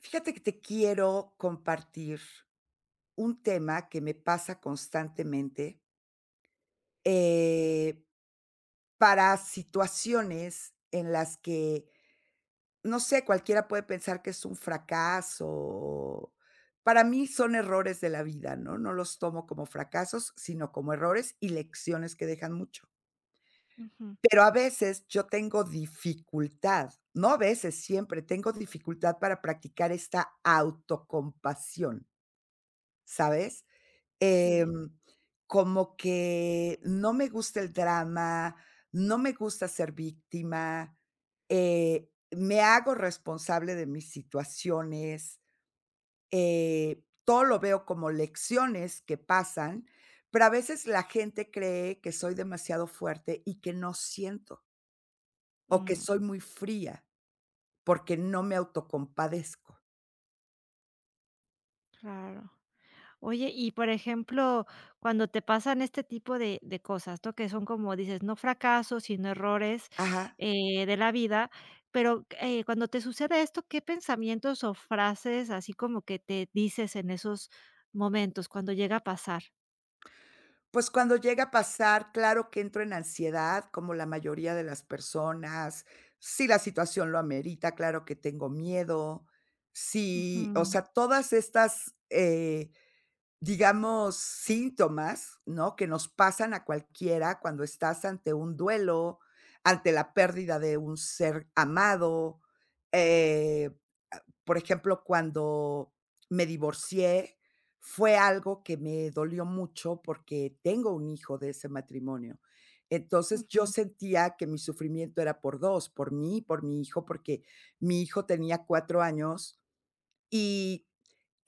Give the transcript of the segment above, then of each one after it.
Fíjate que te quiero compartir un tema que me pasa constantemente. Eh. Para situaciones en las que no sé, cualquiera puede pensar que es un fracaso o, para mí son errores de la vida, ¿no? No los tomo como fracasos, sino como errores y lecciones que dejan mucho. Ujú. Pero a veces yo tengo dificultad. No a veces, siempre tengo dificultad para practicar esta autocompasión. ¿Sabes?, Sí. em, como que no me gusta el drama, no me gusta ser víctima, eh, me hago responsable de mis situaciones, eh, todo lo veo como lecciones que pasan, pero a veces la gente cree que soy demasiado fuerte y que no siento o que Mm. soy muy fría porque no me autocompadezco. Claro. Oye, y por ejemplo, cuando te pasan este tipo de de cosas, esto que, son como dices, no fracasos, sino errores, Ajá. eh, de la vida. Pero, eh, cuando te sucede esto, ¿qué pensamientos o frases así como que te dices en esos momentos, cuando llega a pasar? Pues, cuando llega a pasar, claro que entro en ansiedad, como la mayoría de las personas. Si la situación lo amerita, claro que tengo miedo. Si, o Ujú. sea, todas estas, eh, digamos, síntomas, ¿no?, que nos pasan a cualquiera, cuando estás ante un duelo, ante la pérdida de un ser amado, eh, ah, por ejemplo, cuando me divorcié, fue algo que me dolió mucho porque tengo un hijo de ese matrimonio. Entonces, yo Ujú. sentía que mi sufrimiento era por dos, por mí y por mi hijo, porque mi hijo tenía cuatro años y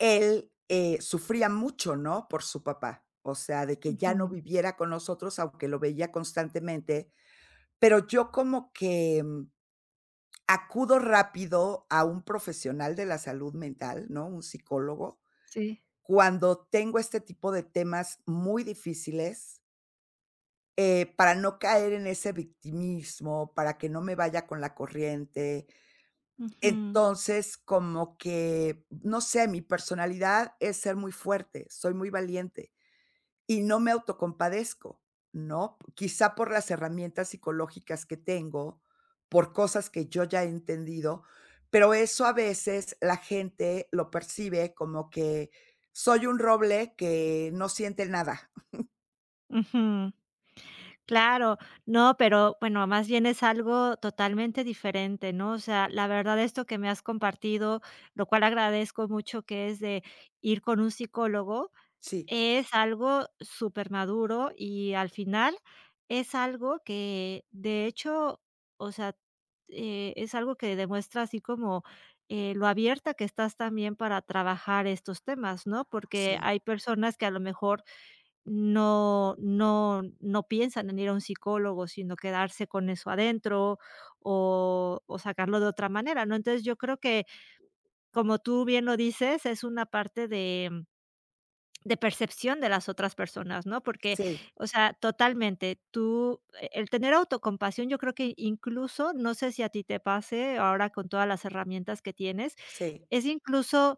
él, eh, sufría mucho, ¿no?, por su papá. O sea, de que ya no Ujú. viviera con nosotros, aunque lo veía constantemente. Pero yo como que, mm, acudo rápido a un profesional de la salud mental, ¿no?, un psicólogo, Sí. cuando tengo este tipo de temas muy difíciles. Eh, para no caer en ese victimismo, para que no me vaya con la corriente, Ujú. entonces como que, no sé, mi personalidad es ser muy fuerte, soy muy valiente y no me autocompadezco, ¿no?, quizá por las herramientas psicológicas que tengo por cosas que yo ya he entendido, pero eso, a veces, la gente lo percibe como que, soy un roble que no siente nada. Ujú, claro, no, pero bueno, más bien es algo totalmente diferente, ¿no?, o sea, la verdad, esto que me has compartido, lo cual agradezco mucho que es de, ir con un psicólogo, Sí. es algo supermaduro y al final es algo que de hecho o sea, eh, es algo que demuestra así como, eh, lo abierta que estás también para trabajar estos temas, ¿no?, porque Sí. hay personas que a lo mejor no no no piensan en ir a un psicólogo, sino quedarse con eso adentro o o sacarlo de otra manera, ¿no?, entonces yo creo que, como tú bien lo dices, es una parte de de percepción de las otras personas, ¿no?, porque, Sí. o sea, totalmente tú e el tener autocompasión, yo creo que, incluso no sé si a ti te pase ahora con todas las herramientas que tienes, Sí. es incluso,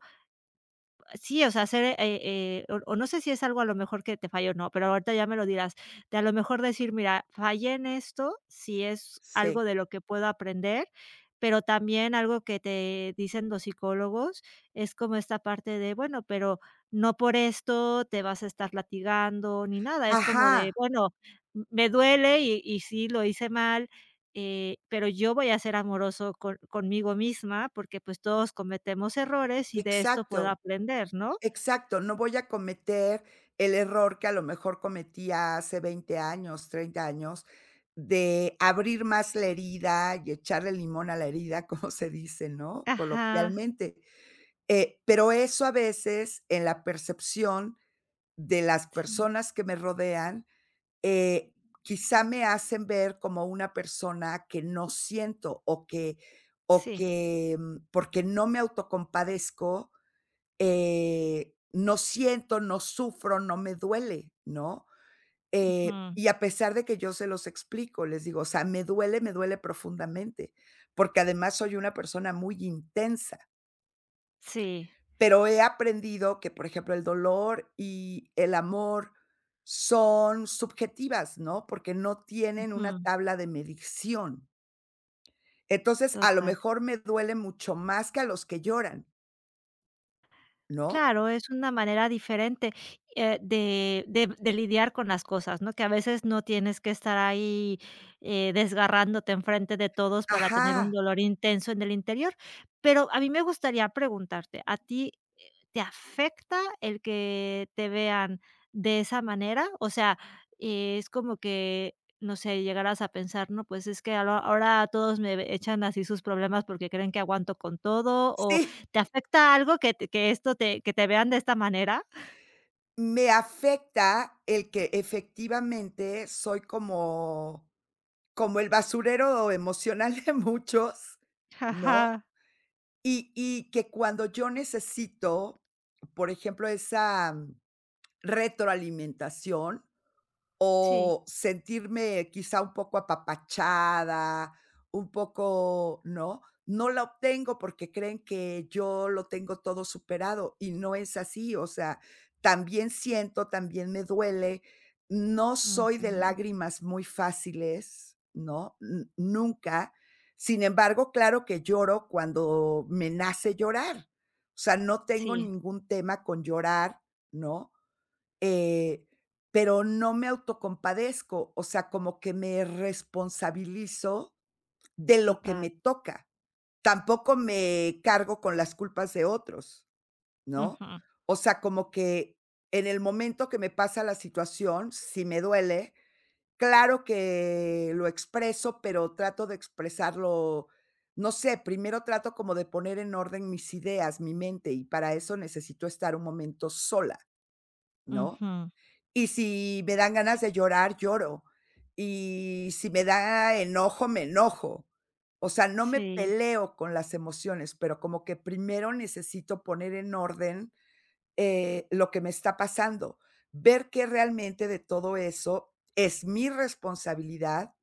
sí o sea, ser, eh eh o o no sé si es algo a lo mejor que te falla o no, pero ahorita ya me lo dirás, que a lo mejor decir: "Mira, fallé en esto, si es Sí. algo de lo que puedo aprender", pero también algo que te dicen los psicólogos, es como esta parte de: "Bueno, pero no por esto te vas a estar latigueando ni nada", es como de: Ajá. "Bueno, me duele y y sí, lo hice mal, eh, pero yo voy a ser amoroso con conmigo misma porque, pues, todos cometemos errores y de esto puedo Exacto, aprender", ¿no? exacto, no voy a cometer el error que a lo mejor cometía hace 20 años, 30 años de abrir más la herida y echarle limón a la herida, como se dice, ¿no?, Ajá. coloquialmente, eh, pero eso, a veces, en la percepción de las Sí. personas que me rodean, eh, quizá me hacen ver como una persona que no siento o que o Sí. que, mm, porque no me autocompadezco, eh, no siento, no sufro, no me duele, ¿no?, eh, Ujú. y a pesar de que yo se los explico, les digo, o sea, me duele, me duele profundamente, porque además soy una persona muy intensa. Sí. Pero he aprendido que, por ejemplo, el dolor y el amor son subjetivas, ¿no?, porque no tienen una Ujú. tabla de medición. Entonces a lo Total. mejor me duele mucho más que a los que lloran. ¿No? Claro, es una manera diferente, eh, de de de lidiar con las cosas, ¿no?, que a veces no tienes que estar ahí, eh, desgarrándote enfrente de todos para tener un Ajá. dolor intenso en el interior. Pero a mí me gustaría preguntarte, ¿a ti, eh, te afecta el que te vean de esa manera?, o sea, es como que, no sé, llegarás a pensar: "No pues es que ahora ahora todos me ve echan así sus problemas porque creen que aguanto con todo", o, Sí. ¿te afecta algo que te que esto te que te vean de esta manera? Me afecta el que efectivamente soy como como el basurero emocional de muchos, Ja, ¿no?, ajá. y y que cuando yo necesito, por ejemplo, esa retroalimentación Sí. o, sentirme quizá un poco apapachada, un poco ¿no?, no la obtengo porque creen que yo lo tengo todo superado y no es así, o sea, también siento, también me duele. No soy de Ujú. lágrimas muy fáciles, ¿no?, n nunca. Sin embargo, claro que lloro cuando me nace llorar, o sea, no tengo Sí. ningún tema con llorar, ¿no?, eh, pero no me autocompadezco, o sea, como que me responsabilizo de lo que Total. me toca. Tampoco me cargo con las culpas de otros, ¿no?, Ujú. o sea, como que en el momento que me pasa la situación, si me duele, claro que lo expreso, pero trato de expresarlo, no sé primero trato como de poner en orden mis ideas, mi mente y para eso necesito estar un momento sola, ¿no?, Ujú. y si me dan ganas de llorar, lloro, y si me da enojo, me enojo. O sea, no me Sí. peleo con las emociones, pero como que primero necesito poner en orden, eh, lo que me está pasando. Ver que realmente de todo eso es mi responsabilidad,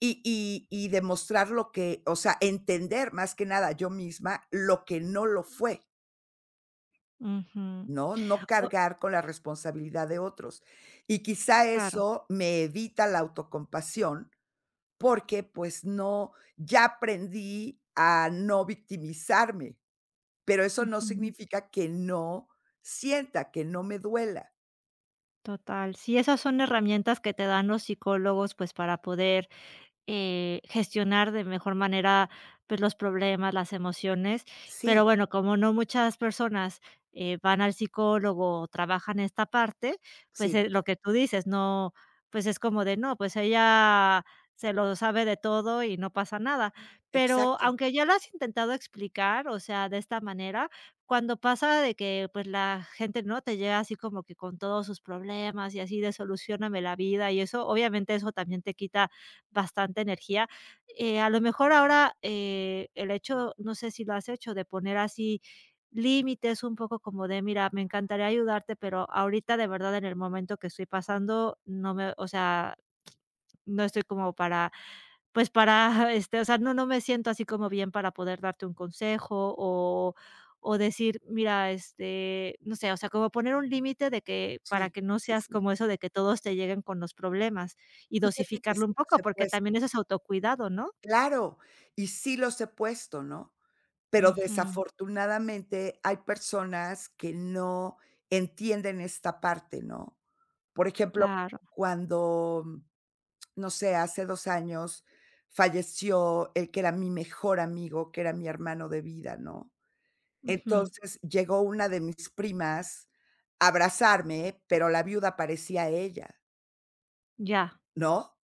y y y demostrar lo que o sea, entender más que nada yo misma lo que no lo fue. Ujú. No, no O cargar con la responsabilidad de otros. Y quizá Claro. eso me evita la autocompasión porque pues no ya aprendí a no victimizarme. Pero eso no Ujú. significa que no sienta, que no me duela. Total. Sí, esas son herramientas que te dan los psicólogos, pues para poder, eh, gestionar de mejor manera, pues los problemas, las emociones, pero Sí bueno, como no muchas personas, eh, van al psicólogo o trabajan esta parte, pues, Sí eh, lo que tú dices no pues es como de: "No, pues ella se lo sabe de todo y no pasa nada", pero Exacto. aunque ya lo has intentado explicar, o sea, de esta manera, cuando pasa de que pues la gente, ¿no?, te llega así como que con todos sus problemas y así de: "Solucióname la vida", y eso, obviamente eso también te quita bastante energía, eh, a lo mejor ahora, eh, el hecho no sé si lo has hecho de poner así, límites un poco como de "Mira, me encantaría ayudarte, pero ahorita de verdad en el momento que estoy pasando no me o sea, no estoy como para pues para, este o sea, no no me siento así como bien para poder darte un consejo", o o decir: "Mira, este" no sé, o sea, como poner un límite de que para Sí, que no sí, seas sí. como eso de que todos te lleguen con los problemas y Fíjate que dosificarlo un sí los poco, he porque puesto. también eso es autocuidado, ¿no? Claro. Y sí los he puesto, ¿no?, pero Ujú. desafortunadamente hay personas que no entienden esta parte, ¿no?, por ejemplo, Claro. cuando no sé, hace 2 años falleció el que era mi mejor amigo, que era mi hermano de vida, ¿no?, Ujú. entonces llegó una de mis primas a abrazarme, pero la viuda parecía ella. Ya. ¿No?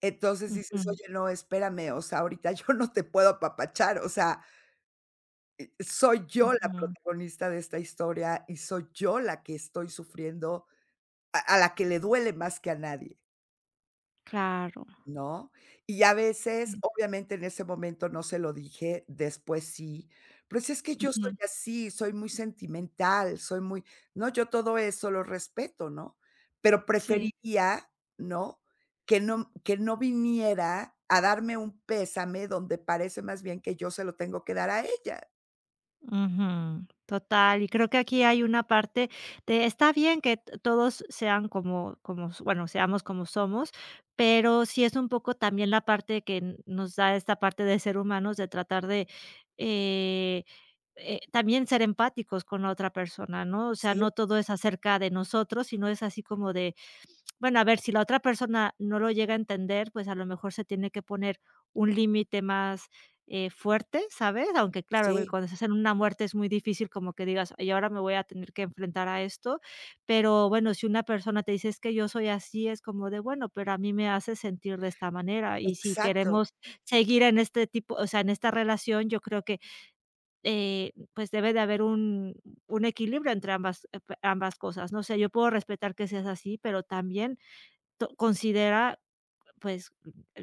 Entonces dices: Ujú. "Oye, no, espérame. O sea, ahorita yo no te puedo apapachar. O sea y soy yo la Ujú. protagonista de esta historia y soy yo la que estoy sufriendo a a la que le duele más que a nadie Claro. ¿no? Y a veces, Mm. obviamente, en ese momento no se lo dije, después sí. "Pero es que yo soy Ujú. así, soy muy sentimental. Soy muy", no yo todo eso lo respeto, ¿no? Pero Sí. preferiría, ¿no? Que no que no viniera a darme un pésame donde parece más bien que yo se lo tengo que dar a ella. Ujú, total. Y creo que aquí hay una parte de está bien que todos sean como como s bueno, seamos como somos, pero sí es un poco también la parte que nos da esta parte de ser humanos de tratar de, eh eh, también ser empáticos con la otra persona, ¿no? O sea, Sí. no todo es acerca de nosotros, sino es así como de, bueno, a ver si la otra persona no lo llega a entender, pues a lo mejor se tiene que poner un límite más, eh, fuerte, ¿sabes? Aunque claro, Sí cuando se hacen una muerte es muy difícil como que digas y ahora me voy a tener que enfrentar a esto. Pero bueno, si una persona te dice: "Es que yo soy así", es como de: "Bueno, pero a mí me hace sentir de esta manera. Y si Exacto. queremos seguir en este tipo o sea, en esta relación, yo creo que, eh, pues debe de haber un un equilibrio entre ambas ep ambas cosas", ¿no? No sé, yo puedo respetar que seas así, pero también to considera pues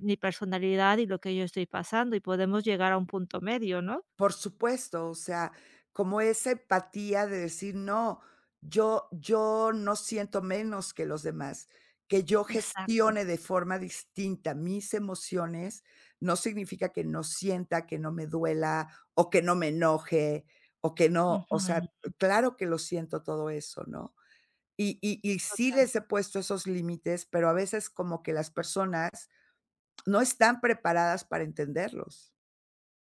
mi personalidad y lo que yo estoy pasando y podemos llegar a un punto medio, ¿no? Por supuesto. O sea, como esa empatía de decir: "No, yo yo no siento menos que los demás. Que yo Exacto. gestione de forma distinta mis emociones no significa que no sienta que no me duela o que no me enoje o que no". O sea, Ujú. claro que lo siento todo eso, ¿no? Y y y sí Total. les he puesto esos límites, pero a veces como que las personas no están preparadas para entenderlos,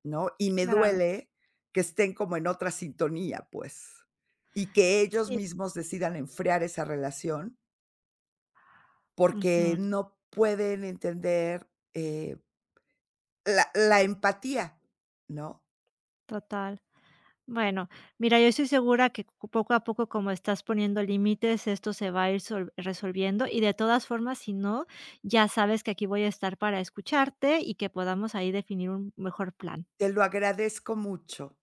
¿no? Y me Claro. duele que estén como en otra sintonía, pues. Y que ellos Sí. mismos decidan enfriar esa relación porque Ujú. no pueden entender, eh la la empatía, ¿no? Total. Bueno, mira, yo estoy segura que c poco a poco, como estás poniendo límites, esto se va a ir sol resolviendo y, de todas formas, si no, ya sabes que aquí voy a estar para escucharte y que podamos ahí definir un mejor plan. Te lo agradezco mucho.